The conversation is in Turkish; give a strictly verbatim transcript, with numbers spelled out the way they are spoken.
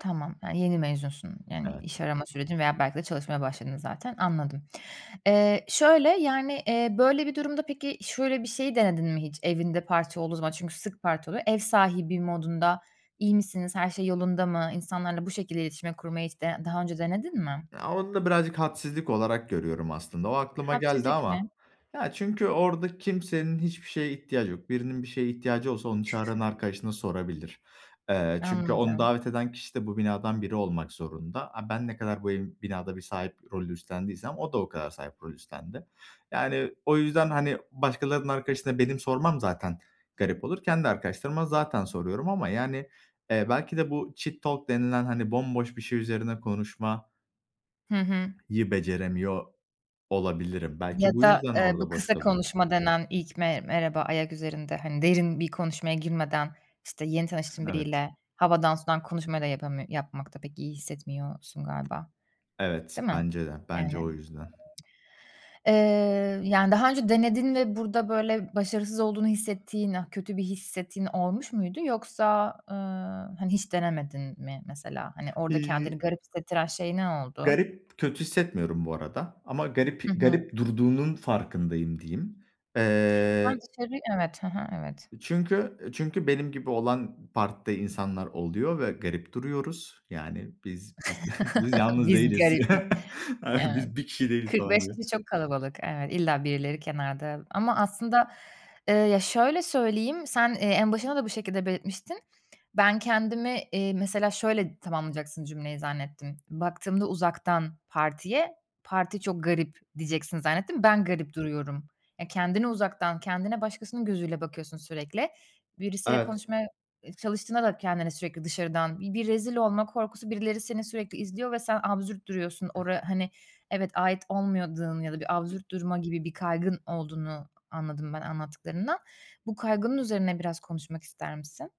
Tamam, he, yeni mezunsun. Yani, iş Evet. arama sürecin veya belki de çalışmaya başladın, zaten. Anladım. Eee, şöyle yani, eee, böyle bir durumda peki, şöyle bir şeyi denedin mi hiç evinde parti olduğu zaman? Çünkü sık parti oluyor. Ev sahibi modunda; "İyi misiniz? Her şey yolunda mı?" insanlarla bu şekilde iletişimi kurmayı, hiç de daha önce denedin mi? Ya, onu da birazcık hadsizlik olarak görüyorum, aslında. O aklıma geldi Hadsizlik ama mi? ya, çünkü orada kimsenin hiçbir şeye ihtiyacı yok. Birinin bir şeye ihtiyacı olsa onu çağıran arkadaşına sorabilir. Eee, çünkü onu Anladım. davet eden kişi de, bu binadan biri olmak zorunda. A, ben ne kadar bu ev binada bir sahip rolü üstlendiysem, o da o kadar sahip rol üstlendi. Yani, o yüzden hani, başkalarının arkadaşına, benim sormam zaten garip olur. Kendi arkadaşlarıma zaten soruyorum ama yani, eee, belki de bu cheat talk denilen, hani bomboş bir şey üzerine konuşma Hı hı. yı beceremiyor olabilirim. Ya Belki bu da, yüzden eee, bu orada boş kısa kalıyor. konuşma denen; ilk me merhaba ayak üzerinde, hani derin bir konuşmaya girmeden işte, yeni tanıştığın Evet. biriyle, havadan sudan konuşmayı da yapamıyor yapmakta pek iyi hissetmiyorsun galiba, Evet, değil mi? bence de. Bence Yani o yüzden. Eee, yani, daha önce denedin ve burada böyle başarısız olduğunu hissettiğin, ııı, kötü bir hissettiğin olmuş muydu yoksa, ııı, hani hiç denemedin mi mesela? Hani, orada kendini İii garip hissettiren şey ne oldu? Garip kötü hissetmiyorum bu arada. Ama Hı garip hı. garip durduğunun farkındayım diyeyim. Sen Eee dışarıyı Evet, hı hı, evet. Çünkü çünkü benim gibi olan, partide insanlar oluyor ve garip duruyoruz. Yani, biz biz biz yalnız Biz değiliz. garip mi? A, Evet. biz bir kişi değiliz, kırk falan beş gibi. kişi çok kalabalık. Evet, illa birileri kenarda ama aslında, ııı, ya şöyle söyleyeyim; sen, eee, en başında da bu şekilde belirtmiştin. Ben kendimi, iii, mesela şöyle tamamlayacaksın cümleyi zannettim. Baktığımda uzaktan partiye, parti çok garip diyeceksin, zannettim. Ben garip duruyorum. Ya, kendini uzaktan, kendine başkasının gözüyle bakıyorsun sürekli. Birisiyle Evet. konuşmaya, eee, çalıştığında da kendine sürekli dışarıdan, bi bir rezil olma korkusu, birileri seni sürekli izliyor ve sen absürt duruyorsun. Ora hani, evet ait olmuyadığın ya da bir absürt durma gibi bir kaygın olduğunu anladım, ben anlattıklarından. Bu kaygının üzerine biraz konuşmak ister misin?